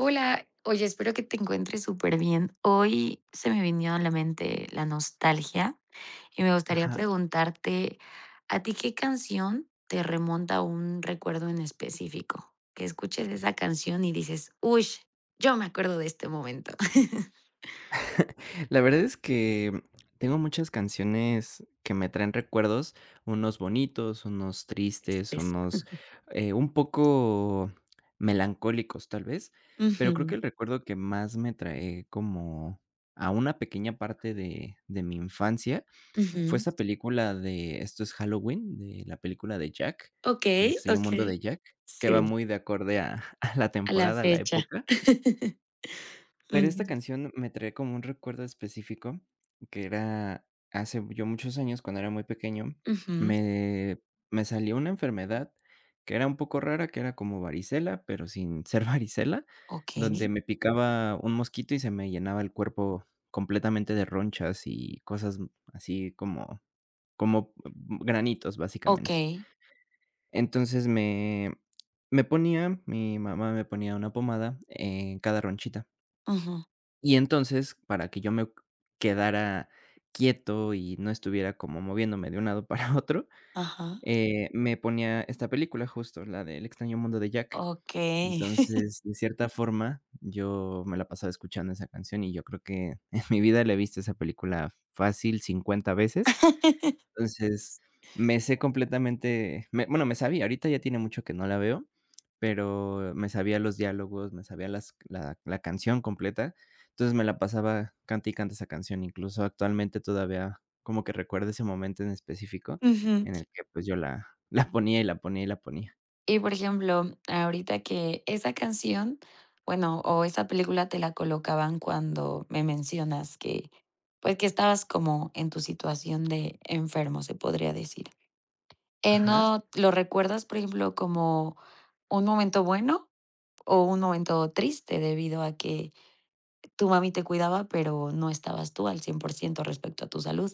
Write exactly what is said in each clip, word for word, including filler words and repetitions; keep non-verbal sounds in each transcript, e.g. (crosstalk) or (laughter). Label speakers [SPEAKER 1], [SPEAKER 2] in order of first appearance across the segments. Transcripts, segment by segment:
[SPEAKER 1] Hola. Oye, espero que te encuentres superbién. Hoy, se me vino a la mente la nostalgia y me gustaría
[SPEAKER 2] Ajá.
[SPEAKER 1] preguntarte, ¿a ti qué canción te remonta a un recuerdo en específico? Que escuches esa canción y dices: "Uy, yo me acuerdo de este momento". (chuckles)
[SPEAKER 2] (chuckles) La verdad es que, mm, tengo muchas canciones que me traen recuerdos, unos bonitos, unos tristes,
[SPEAKER 1] (unintelligible)
[SPEAKER 2] unos,
[SPEAKER 1] (chuckles)
[SPEAKER 2] eh, un poco melancólicos, tal vez, pero creo que
[SPEAKER 1] Ujú.
[SPEAKER 2] el recuerdo que más me trae como a una pequeña parte de de mi infancia fue
[SPEAKER 1] Ujú.
[SPEAKER 2] esa película de Esto es Halloween, de la película de Jack, El
[SPEAKER 1] Okey,
[SPEAKER 2] extraño mundo
[SPEAKER 1] okey.
[SPEAKER 2] de Jack, que va
[SPEAKER 1] Sí.
[SPEAKER 2] muy de acorde a a la
[SPEAKER 1] A la
[SPEAKER 2] temporada, a la
[SPEAKER 1] fecha.
[SPEAKER 2] época.
[SPEAKER 1] (laughs)
[SPEAKER 2] Pero esta
[SPEAKER 1] Ujú.
[SPEAKER 2] canción, me trae como un recuerdo específico que era hace ya muchos años, cuando era muy pequeño,
[SPEAKER 1] Ujú.
[SPEAKER 2] me me salió una enfermedad, que era un poco rara, que era como varicela, pero sin ser varicela, donde
[SPEAKER 1] Okey.
[SPEAKER 2] me picaba un mosquito y se me llenaba el cuerpo completamente de ronchas y cosas así como como granitos, básicamente.
[SPEAKER 1] Okey.
[SPEAKER 2] Entonces, me me ponía mi mamá me ponía una pomada en cada ronchita.
[SPEAKER 1] Ujú.
[SPEAKER 2] Y entonces, para que yo me q quedara quieto y no estuviera como moviéndome, de un lado para otro,
[SPEAKER 1] Ajá.
[SPEAKER 2] eh, me ponía esta película, justo, la de El extraño mundo de Jack.
[SPEAKER 1] Okey. (chuckles)
[SPEAKER 2] Entonces, de cierta forma, yo me la pasaba escuchando esa canción y yo creo que, en mi vida la he visto, esa película, fácil cincuenta veces.
[SPEAKER 1] (laughs)
[SPEAKER 2] Entonces, me sé completamente me bueno me sabía, ahorita ya tiene mucho que no la veo, pero me sabía los diálogos, me sabía las la la canción completa. Entonces, me la pasaba cante y cante esa canción, incluso, actualmente, todavía como que recuerdo ese momento en específico,
[SPEAKER 1] Ujú.
[SPEAKER 2] en el que, pues, yo la la ponía, y la ponía, y la ponía.
[SPEAKER 1] Y, por ejemplo, ahorita que esa canción, bueno o esa película te la colocaban cuando me mencionas que pues, que estabas como en tu situación de enfermo, se podría decir, eh,
[SPEAKER 2] Ajá.
[SPEAKER 1] ¿no lo recuerdas, por ejemplo, como un momento bueno, o un momento triste debido a que tu mami te cuidaba, pero no estabas tú al cien por ciento respecto a tu salud?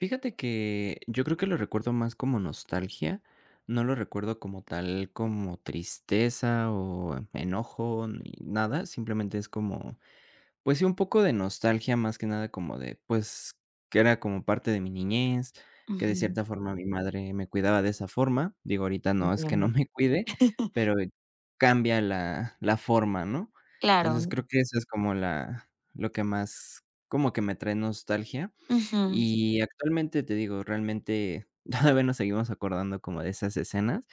[SPEAKER 2] Fíjate que yo creo que lo recuerdo más como nostalgia, no lo recuerdo como tal, como tristeza o enojo ni nada, simplemente es como, pues sí, un poco de nostalgia, más que nada como de, pues, que era como parte de mi niñez, que de
[SPEAKER 1] Ujú.
[SPEAKER 2] cierta forma mi madre me cuidaba de esa forma. Digo, ahorita no, es que no
[SPEAKER 1] Entiendo.
[SPEAKER 2] me cuide,
[SPEAKER 1] (laughs)
[SPEAKER 2] pero cambia la la forma, ¿no? Entonces
[SPEAKER 1] Claro.
[SPEAKER 2] creo que eso es como la lo que más, como que me trae nostalgia.
[SPEAKER 1] Ujú.
[SPEAKER 2] Y actualmente, te digo, realmente todavía nos seguimos acordando como de esas escenas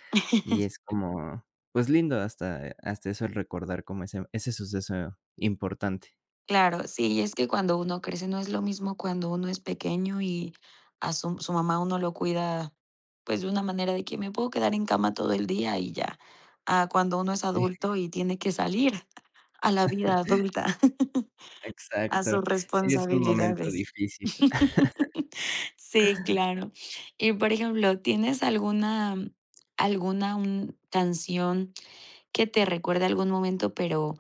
[SPEAKER 2] y
[SPEAKER 1] (laughs)
[SPEAKER 2] es como, pues, lindo hasta hasta eso el recordar como ese ese suceso importante.
[SPEAKER 1] Claro, sí. Y es que cuando uno crece, no es lo mismo, cuando uno es pequeño, y a su su mamá, uno lo cuida, pues, de una manera de que: "Me puedo quedar en cama todo el día, y ya". A cuando uno es
[SPEAKER 2] (unintelligible)
[SPEAKER 1] adulto, y tiene que salir, a la vida
[SPEAKER 2] (laughs)
[SPEAKER 1] adulta. (laughs) A sus
[SPEAKER 2] Exacto. Sí, es un momento
[SPEAKER 1] responsabilidades.
[SPEAKER 2] difícil.
[SPEAKER 1] (laughs) Sí,
[SPEAKER 2] (laughs)
[SPEAKER 1] claro. Y por ejemplo, ¿tienes alguna alguna un canción, que te recuerde algún momento. Pero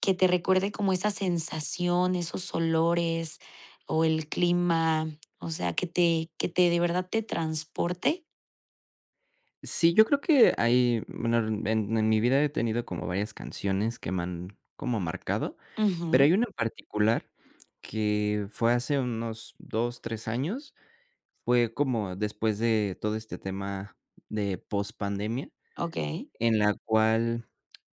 [SPEAKER 1] que te recuerde como esa sensación, esos olores o el clima. O sea, que te que te de verdad, te transporte?
[SPEAKER 2] Sí, yo creo que hay Bueno, en en mi vida, he tenido como varias canciones, que me han como marcado. Pero
[SPEAKER 1] Ujú.
[SPEAKER 2] hay una en particular, que fue hace unos dos, tres años. Fue como después de todo este tema, de post pandemia.
[SPEAKER 1] Okey.
[SPEAKER 2] En la cual,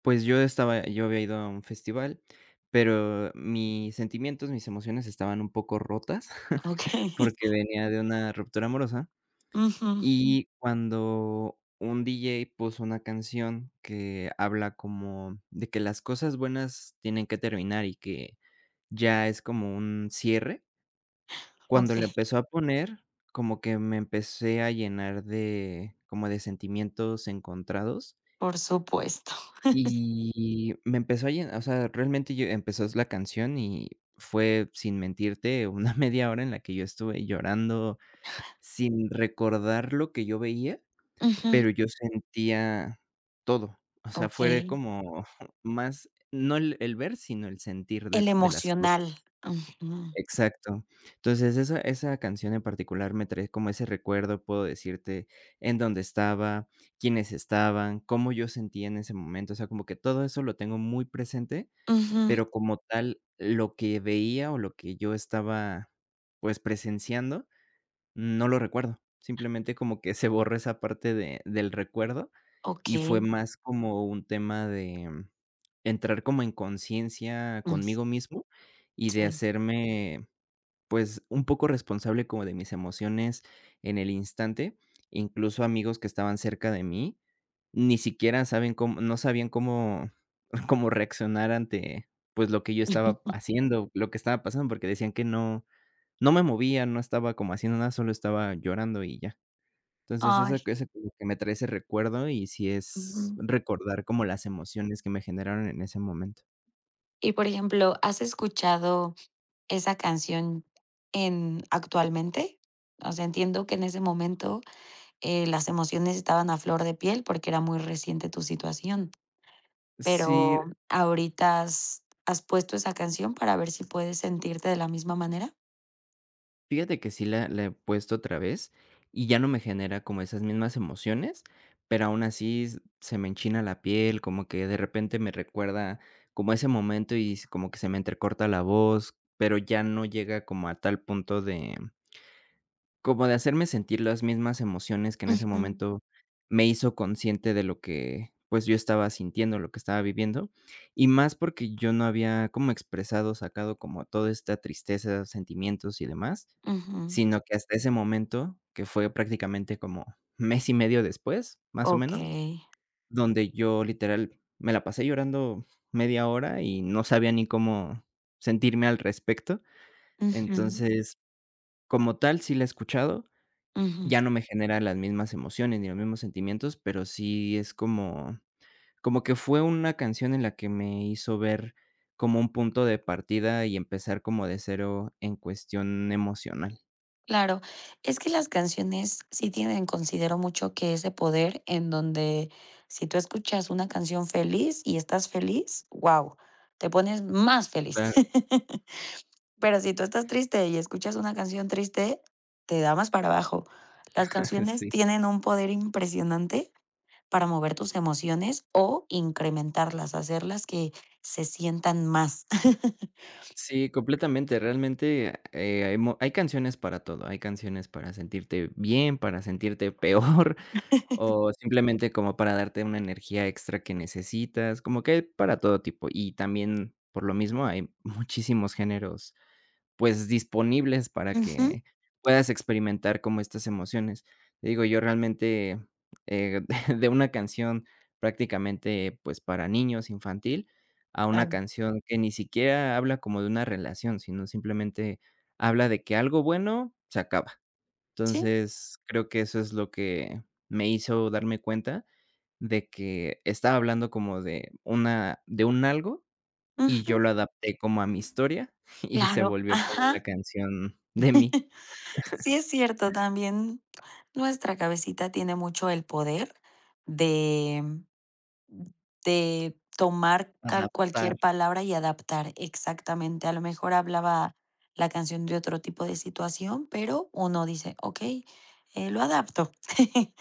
[SPEAKER 2] pues, yo estaba Yo había ido a un festival, pero mis sentimientos, mis emociones, estaban un poco rotas, (chuckles)
[SPEAKER 1] Okey.
[SPEAKER 2] porque venía de una ruptura amorosa.
[SPEAKER 1] Ujú.
[SPEAKER 2] Y cuando un diyey puso una canción, que habla como de que las cosas buenas tienen que terminar, y que ya es como un cierre. Cuando la
[SPEAKER 1] Okey.
[SPEAKER 2] empezó a poner, como que me empecé a llenar de como de sentimientos encontrados.
[SPEAKER 1] Por supuesto. (laughs)
[SPEAKER 2] Y, me empezó a llen o sea, realmente, yo empezó la canción, y fue, sin mentirte, una media hora, en la que yo estuve llorando, sin recordar lo que yo veía,
[SPEAKER 1] Ujú.
[SPEAKER 2] pero yo sentía todo. O sea, fue
[SPEAKER 1] Okey.
[SPEAKER 2] como (chuckles) más no el el ver, sino el sentir de
[SPEAKER 1] El
[SPEAKER 2] de las cosas.
[SPEAKER 1] emocional. Ujú.
[SPEAKER 2] Exacto. Entonces, esa esa canción en particular me trae como ese recuerdo. Puedo decirte en dónde estaba, quiénes estaban, cómo yo sentía en ese momento. O sea, como que todo eso lo tengo muy presente,
[SPEAKER 1] Ujú
[SPEAKER 2] pero como tal, lo que veía, o lo que yo estaba pues, presenciando, no lo recuerdo. Simplemente, como que se borró esa parte de del recuerdo. Y fue
[SPEAKER 1] Okey.
[SPEAKER 2] más, como un tema de entrar como en conciencia
[SPEAKER 1] Mm.
[SPEAKER 2] conmigo mismo, y de
[SPEAKER 1] Sí.
[SPEAKER 2] hacerme, pues, un poco responsable, como de mis emociones, en el instante. Incluso, amigos que estaban cerca de mí, ni siquiera saben cómo no sabían cómo (chuckles) cómo reaccionar ante pues, lo que yo estaba
[SPEAKER 1] (laughs)
[SPEAKER 2] haciendo, lo que estaba pasando. Porque decían que no no me movía, no estaba como haciendo nada. Solo estaba llorando, y ya. Entonces eso
[SPEAKER 1] Ay.
[SPEAKER 2] ese que me trae ese recuerdo. Y si
[SPEAKER 1] Uju.
[SPEAKER 2] es recordar, como
[SPEAKER 1] (unintelligible)
[SPEAKER 2] las emociones que me generaron en ese momento.
[SPEAKER 1] Y, por ejemplo, ¿has escuchado esa canción en actualmente? O sea, entiendo que en ese momento, eh, las emociones estaban a flor de piel, porque era muy reciente tu situación.
[SPEAKER 2] Sí.
[SPEAKER 1] Pero ahorita, ¿has has puesto esa canción para ver si puedes sentirte de la misma manera?
[SPEAKER 2] Fíjate que sí la la he puesto otra vez, y ya no me genera como esas mismas emociones. Pero aún así se me enchina la piel, como que de repente me recuerda como ese momento, y es como que se me entrecorta la voz, pero ya no llega como a tal punto de como de hacerme sentir las mismas emociones que en ese
[SPEAKER 1] Ujú.
[SPEAKER 2] momento me hizo consciente de lo que, pues, yo estaba sintiendo lo que estaba viviendo. Y más, porque yo no había como expresado, sacado como toda esta tristeza, sentimientos y demás,
[SPEAKER 1] Ujú.
[SPEAKER 2] sino que hasta ese momento, que fue prácticamente como mes y medio después, más o menos,
[SPEAKER 1] Okey.
[SPEAKER 2] donde yo literal me la pasé llorando media hora, y no sabía ni cómo sentirme al respecto.
[SPEAKER 1] Ujú.
[SPEAKER 2] Entonces, como tal, sí la he escuchado,
[SPEAKER 1] Ujú.
[SPEAKER 2] ya no me genera las mismas emociones ni los mismos sentimientos, pero sí es como como que fue una canción en la que me hizo ver como un punto de partida, y empezar como de cero en cuestión emocional.
[SPEAKER 1] Claro, es que las canciones sí tienen considero mucho, que ese poder en donde si tú escuchas una canción feliz y estás feliz, guau, te pones más feliz.
[SPEAKER 2] Claro.
[SPEAKER 1] (laughs) Pero si tú estás triste y escuchas una canción triste, te da más para abajo. Las
[SPEAKER 2] (chuckles)
[SPEAKER 1] canciones
[SPEAKER 2] Sí.
[SPEAKER 1] tienen un poder impresionante para mover tus emociones o incrementarlas, hacerlas que se sientan más. (laughs)
[SPEAKER 2] Sí, completamente, realmente, eh, hay mo hay canciones para todo. Hay canciones para sentirte bien, para sentirte peor
[SPEAKER 1] (laughs)
[SPEAKER 2] o simplemente, como para darte una energía extra que necesitas, como que hay para todo tipo, y también, por lo mismo, hay muchísimos géneros, pues, disponibles para
[SPEAKER 1] Ujú.
[SPEAKER 2] que puedas experimentar como estas emociones. Te digo, yo, realmente, eh, (chuckles) de una canción prácticamente, pues, para niños, infantil, a una
[SPEAKER 1] Claro.
[SPEAKER 2] canción que ni siquiera habla como de una relación, sino simplemente habla de que algo bueno se acaba.
[SPEAKER 1] Sí.
[SPEAKER 2] Entonces, creo que eso es lo que me hizo darme cuenta de que estaba hablando como de una de un algo y yo
[SPEAKER 1] Ujú.
[SPEAKER 2] lo adapté como a mi historia y se
[SPEAKER 1] Claro.
[SPEAKER 2] volvió como
[SPEAKER 1] Ajá.
[SPEAKER 2] una canción de mí.
[SPEAKER 1] (chuckles)
[SPEAKER 2] (chuckles)
[SPEAKER 1] Sí, es cierto, también nuestra cabecita tiene mucho el poder de, mm, de tomar cal
[SPEAKER 2] Adaptar.
[SPEAKER 1] cualquier palabra y adaptar exactamente. A lo mejor, hablaba la canción de otro tipo de situación, pero uno dice: "Okey, eh, lo adapto. (chuckles)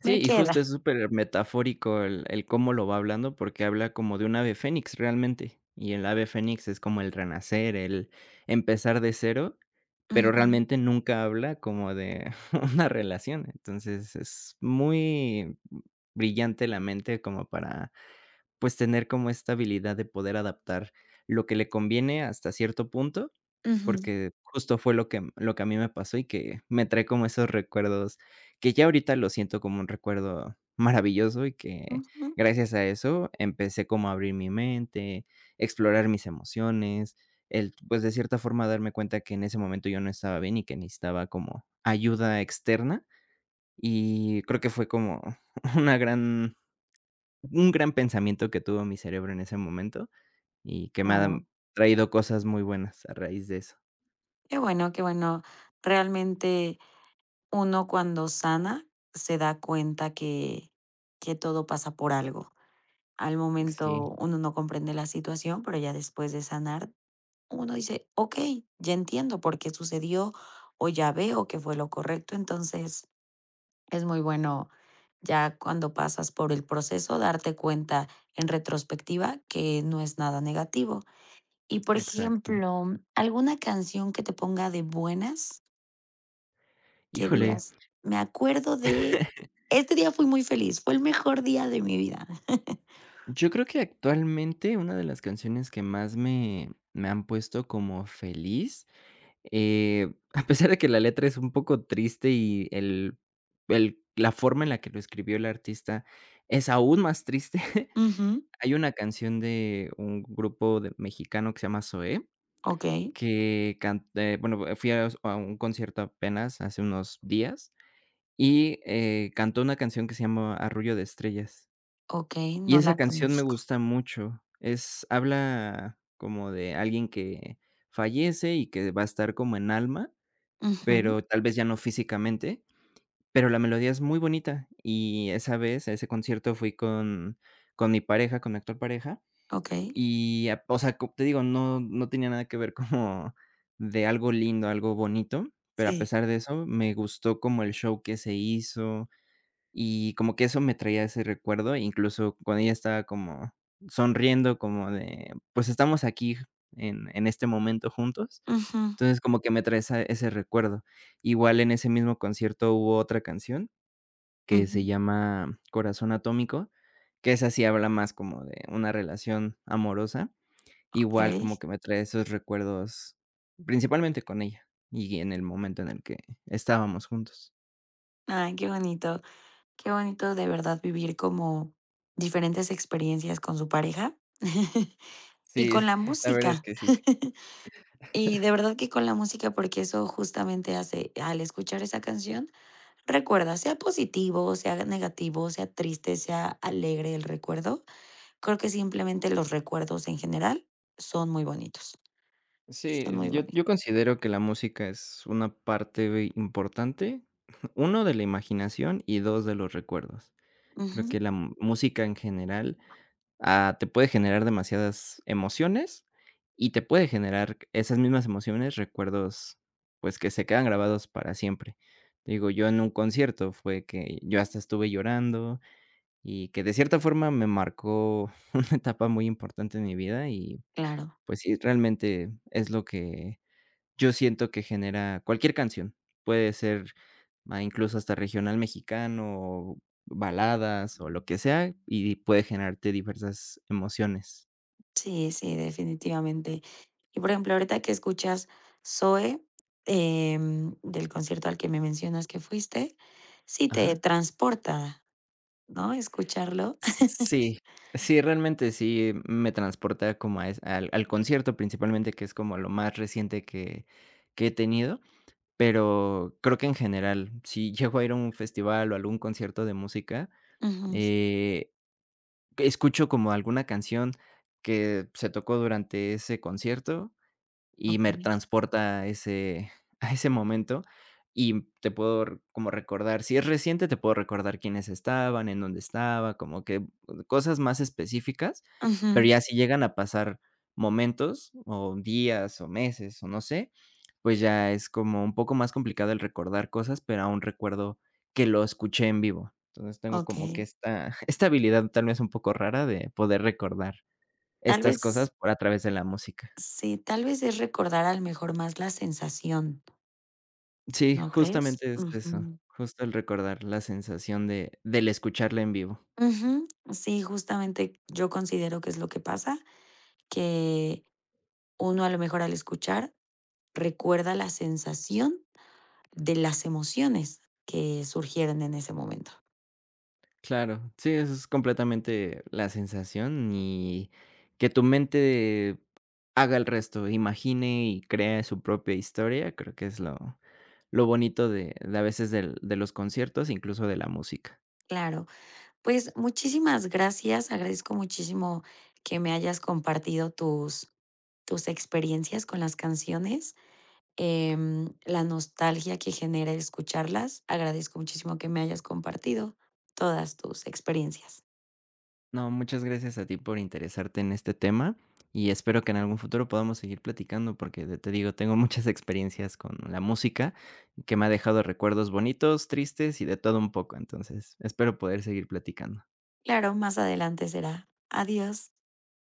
[SPEAKER 2] Sí,
[SPEAKER 1] Me
[SPEAKER 2] y justo,
[SPEAKER 1] queda".
[SPEAKER 2] es supermetafórico el el cómo lo va hablando porque habla como de un ave Fénix, realmente, y el ave Fénix es como el renacer, el empezar de cero, pero
[SPEAKER 1] Ujú
[SPEAKER 2] realmente, nunca habla como de una relación. Entonces es muy, mm, brillante la mente como para, pues, tener como esta habilidad de poder adaptar lo que le conviene, hasta cierto punto,
[SPEAKER 1] Ujú
[SPEAKER 2] porque justo, fue lo que lo que a mí me pasó y que me trae como esos recuerdos que ya ahorita lo siento como un recuerdo maravilloso y que,
[SPEAKER 1] Ujú
[SPEAKER 2] gracias a eso, empecé como a abrir mi mente, explorar mis emociones, el, pues, de cierta forma darme cuenta que en ese momento yo no estaba bien y que necesitaba como ayuda externa y creo que fue como una gran un gran pensamiento que tuvo mi cerebro, en ese momento, y que me ha
[SPEAKER 1] Claro.
[SPEAKER 2] traído cosas muy buenas, a raíz de eso.
[SPEAKER 1] Qué bueno, qué bueno. Realmente, uno cuando sana se da cuenta que que todo pasa por algo. Al
[SPEAKER 2] Sí.
[SPEAKER 1] momento uno no comprende la situación, pero ya después de sanar uno dice: "Okey, ya entiendo por qué sucedió o ya veo que fue lo correcto". Entonces, es muy bueno, ya cuando pasas por el proceso, darte cuenta, en retrospectiva, que no es nada negativo. Y, por
[SPEAKER 2] Exacto.
[SPEAKER 1] ejemplo, ¿alguna canción que te ponga de buenas? Qué
[SPEAKER 2] Híjole.
[SPEAKER 1] dígas: "Me acuerdo de
[SPEAKER 2] (chuckles)
[SPEAKER 1] este día, fui muy feliz, fue el mejor día de mi vida". (chuckles)
[SPEAKER 2] Yo creo que, actualmente, una de las canciones que más me me han puesto como feliz, eh, a pesar de que la letra es un poco triste y el el la forma en la que lo escribió el artista es aún más triste.
[SPEAKER 1] Ujú.
[SPEAKER 2] Hay una canción de un grupo de mexicano, que se llama Zoé,
[SPEAKER 1] Okey.
[SPEAKER 2] que can eh, bueno, fui a s a un concierto, apenas, hace unos días y, eh, cantó una canción que se llama "Arrullo de estrellas".
[SPEAKER 1] Okey,
[SPEAKER 2] Y
[SPEAKER 1] no
[SPEAKER 2] esa
[SPEAKER 1] la
[SPEAKER 2] canción me
[SPEAKER 1] conozco.
[SPEAKER 2] gusta mucho. Es habla como de alguien que fallece y que va a estar como en alma,
[SPEAKER 1] Ujú
[SPEAKER 2] pero tal vez ya no físicamente. Pero la melodía es muy bonita. y esa vez, a ese concierto fui con con mi pareja, con mi actual pareja
[SPEAKER 1] Okey.
[SPEAKER 2] y a o sea, como te digo, no no tenía nada que ver como de algo lindo, algo bonito, pero a
[SPEAKER 1] Sí.
[SPEAKER 2] pesar de eso, me gustó como el show que se hizo. Y como que eso me traía ese recuerdo, incluso, cuando ella estaba como sonriendo como de: "Pues, estamos aquí, en en este momento, juntos".
[SPEAKER 1] Ujú.
[SPEAKER 2] Entonces, como que me trae esa ese recuerdo. Igual, en ese mismo concierto, hubo otra canción, que se
[SPEAKER 1] Ujú.
[SPEAKER 2] llama "Corazón atómico", que esa sí habla más como de una relación amorosa, igual
[SPEAKER 1] Okey.
[SPEAKER 2] como que me trae esos recuerdos, principalmente con ella, y en el momento en el que estábamos juntos.
[SPEAKER 1] Ay, qué bonito. Qué bonito de verdad vivir como diferentes experiencias con su pareja, (laughs) y con
[SPEAKER 2] Sí,
[SPEAKER 1] la
[SPEAKER 2] la verdad es
[SPEAKER 1] música
[SPEAKER 2] que sí.
[SPEAKER 1] (laughs) y de
[SPEAKER 2] (chuckles)
[SPEAKER 1] verdad que con la música, porque eso justamente hace al escuchar esa canción, recuerda, sea positivo, sea negativo, sea triste, sea alegre el recuerdo. Creo que simplemente los recuerdos en general son muy bonitos.
[SPEAKER 2] Sí,
[SPEAKER 1] Está muy
[SPEAKER 2] yo
[SPEAKER 1] boni
[SPEAKER 2] yo considero que la música es una parte importante, uno de la imaginación y dos de los recuerdos. Creo que
[SPEAKER 1] Ujú.
[SPEAKER 2] la música en general, ah, te puede generar demasiadas emociones y te puede generar esas mismas emociones, recuerdos, pues, que se quedan grabados para siempre. Digo, yo en un concierto fue que yo hasta estuve llorando y que de cierta forma me marcó una etapa muy importante en mi vida y
[SPEAKER 1] Claro.
[SPEAKER 2] pues sí, realmente es lo que yo siento que genera cualquier canción, puede ser ma incluso hasta regional mexicano o baladas o lo que sea y puede generarte diversas emociones.
[SPEAKER 1] Sí, sí, definitivamente. Y por ejemplo, ahorita que escuchas, Zoe, em, del concierto al que me mencionas que fuiste. Sí, ¿te
[SPEAKER 2] Ajá.
[SPEAKER 1] transporta?, ¿no?, ¿escucharlo?
[SPEAKER 2] Sí, sí. Realmente, sí me transporta como a es al al concierto, principalmente, que es como lo más reciente que que he tenido. Pero, creo que en general, si llego a ir a un festival, o a algún concierto de música,
[SPEAKER 1] Ujú.
[SPEAKER 2] eh, escucho como alguna canción que se tocó durante ese concierto, y me
[SPEAKER 1] Okey.
[SPEAKER 2] transporta a ese a ese momento. Y te puedo r como recordar Si es reciente, te puedo recordar quiénes estaban, en dónde estaba, como que cosas más específicas.
[SPEAKER 1] Ujú.
[SPEAKER 2] Pero ya si llegan a pasar momentos, o días, o meses, o no sé, pues, ya es como un poco más complicado el recordar cosas. Pero aún recuerdo que lo escuché en vivo. Entonces, tengo como que
[SPEAKER 1] Okey.
[SPEAKER 2] esta esta habilidad, tal vez un poco rara, de poder recordar
[SPEAKER 1] Tal
[SPEAKER 2] estas
[SPEAKER 1] vez.
[SPEAKER 2] cosas a través de la música.
[SPEAKER 1] Sí, tal vez es recordar, al mejor, más la sensación.
[SPEAKER 2] Sí,
[SPEAKER 1] ¿No crees?
[SPEAKER 2] justamente es eso.
[SPEAKER 1] Ujú.
[SPEAKER 2] Justo, el recordar la sensación de del escucharla en vivo.
[SPEAKER 1] Ujú. Sí, justamente, yo considero que es lo que pasa que uno, a lo mejor, al escuchar, recuerda la sensación de las emociones que surgieron en ese momento.
[SPEAKER 2] Claro. Sí, eso es completamente la sensación, y que tu mente haga el resto, imagine y cree su propia historia. Creo que es lo lo bonito de de, a veces, de de los conciertos, incluso de la música.
[SPEAKER 1] Claro. Pues, muchísimas gracias. Agradezco muchísimo que me hayas compartido tus tus experiencias con las canciones, em, la nostalgia que genera escucharlas. Agradezco muchísimo que me hayas compartido todas tus experiencias.
[SPEAKER 2] No, muchas gracias a ti por interesarte en este tema, y espero que en algún futuro podamos seguir platicando porque ya te digo, tengo muchas experiencias con la música, que me ha dejado recuerdos bonitos, tristes y de todo un poco. Entonces, espero poder seguir platicando.
[SPEAKER 1] Claro, más adelante será. Adiós.